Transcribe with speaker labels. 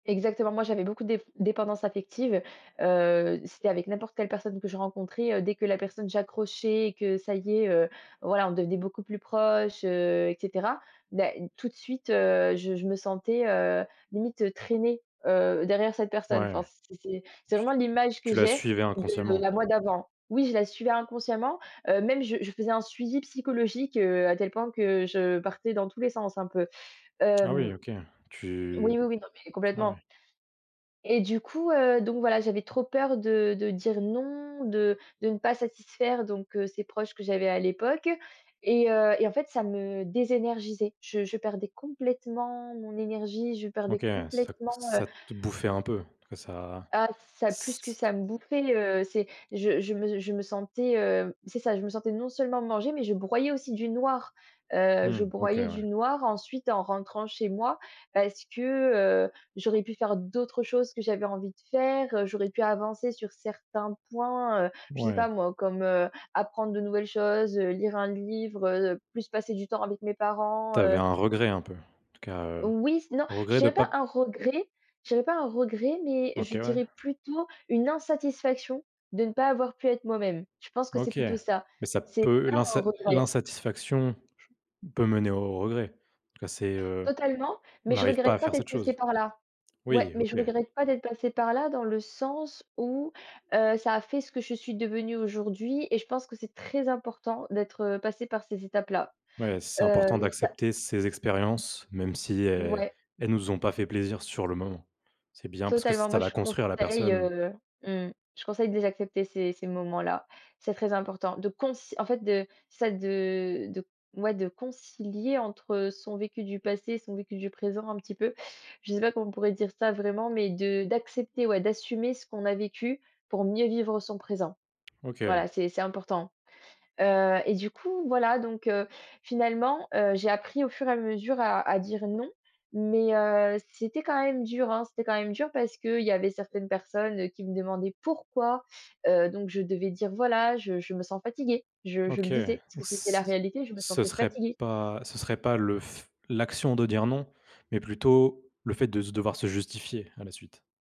Speaker 1: Exactement. Moi j'avais beaucoup déf dépendances affective. Heu, c'était avec n'importe quelle personne que je rencontrais, heu, dès que la personne j'accrochais et que ça y est, heu, voilà, on devenait beaucoup plus proche, heu et cetera. Bah tout de suite, heu, je je me sentais, heu, limite traînée, heu, derrière cette personne.
Speaker 2: Ouais.
Speaker 1: Enfin, c'est c'est c'est
Speaker 2: T
Speaker 1: vraiment l'image que
Speaker 2: tu l'as
Speaker 1: j'ai
Speaker 2: suivais
Speaker 1: de, heu, la
Speaker 2: inconsciemment.
Speaker 1: moi d'avant. Oui, je la suivais inconsciemment, heu, même je je faisais un suivi psychologique, heu, à tel point que, heu, je, heu, partais dans tous les sens un peu.
Speaker 2: Ah oui
Speaker 1: Hem,
Speaker 2: OK, tu
Speaker 1: oui, oui, oui. Non mais
Speaker 2: ah
Speaker 1: complètement.
Speaker 2: ouais.
Speaker 1: Et du coup, heu, donc voilà, j'avais trop peur de de dire non, de de ne pas satisfaire donc heu, ces proches que j'avais à l'époque. Et heu, et en fait, ça me désénergisait. Je je perdais complètement mon énergie, je
Speaker 2: OK,
Speaker 1: perdais
Speaker 2: ouais, ça t
Speaker 1: complètement, heu
Speaker 2: ça te bouffait un peu quoi, ça
Speaker 1: Ah ça plus que ça me bouffait, heu, c'est je je me je me sentais heu, c'est ça, je me sentais non seulement manger mais je broyais aussi du noir. Heu, je
Speaker 2: Mmh, OK,
Speaker 1: broyais
Speaker 2: ouais.
Speaker 1: du noir ensuite en rentrant chez moi. Parce que, heu, j'aurais pu faire d'autres choses que j'avais envie de faire. Heu, j'aurais pu avancer sur certains points, heu, je sais pas
Speaker 2: Ouais.
Speaker 1: moi comme, heu, apprendre de nouvelles choses, heu, lire un livre, heu, plus passer du temps avec mes parents,
Speaker 2: Tu avais
Speaker 1: heu
Speaker 2: un regret un peu en tout cas, heu,
Speaker 1: Oui. Non, je
Speaker 2: regret de
Speaker 1: dirais pas
Speaker 2: pas
Speaker 1: un regret. J'avais pas un regret, mais je
Speaker 2: OK, ouais.
Speaker 1: dirais plutôt une insatisfaction, de ne pas avoir pu être moi-même. Je pense que c'est
Speaker 2: OK,
Speaker 1: plutôt ça.
Speaker 2: mais ça
Speaker 1: C'est
Speaker 2: peut
Speaker 1: pas un
Speaker 2: l'insa
Speaker 1: regret.
Speaker 2: l'insatisfaction peut mener au regret, en tout cas, c'est, heu,
Speaker 1: Totalement, mais
Speaker 2: on
Speaker 1: je
Speaker 2: arrive pas à
Speaker 1: regrette pas
Speaker 2: faire
Speaker 1: d'être
Speaker 2: cette
Speaker 1: passée
Speaker 2: chose.
Speaker 1: par là. Ouais,
Speaker 2: Oui,
Speaker 1: mais je
Speaker 2: OK.
Speaker 1: regrette pas d'être passée par là dans le sens où heu, ça a fait ce que je suis devenue aujourd'hui. Et je pense que c'est très important d'être, heu, passée par ces étapes-là.
Speaker 2: Ouais, c'est
Speaker 1: Heu,
Speaker 2: important
Speaker 1: ça
Speaker 2: d'accepter ces expériences, même si, heu,
Speaker 1: Ouais.
Speaker 2: elles ne nous ont pas fait plaisir sur le moment. C'est bien parce que
Speaker 1: Totalement.
Speaker 2: ça
Speaker 1: Moi,
Speaker 2: va
Speaker 1: je
Speaker 2: construire la
Speaker 1: conseille
Speaker 2: personne.
Speaker 1: heu, mmh, je conseille de les accepter ces ces moments-là. C'est très important de conce en fait, de ça de celle de, ouais, de concilier entre son vécu du passé et son vécu du présent un petit peu. Je sais pas comment on pourrait dire ça vraiment? Mais de d'accepter, ouais, d'assumer ce qu'on a vécu pour mieux vivre son présent.
Speaker 2: OK,
Speaker 1: Voilà,
Speaker 2: heu
Speaker 1: c'est c'est important. Heu et du coup, voilà donc heu, finalement, heu, j'ai appris au fur et à mesure à à dire non. Mais heu, c'était quand même dur hein. C'était quand même dur parce que il y avait certaines personnes qui me demandaient pourquoi. Heu, donc je devais dire: «Voilà, je je me sens fatiguée» je je
Speaker 2: OK,
Speaker 1: le
Speaker 2: c
Speaker 1: disais parce que c'était la
Speaker 2: ce
Speaker 1: réalité, je me
Speaker 2: ce
Speaker 1: sentais
Speaker 2: serait
Speaker 1: fatiguée.
Speaker 2: pas ce serait pas le f l'action de dire non, mais plutôt le fait de se devoir se justifier à la suite.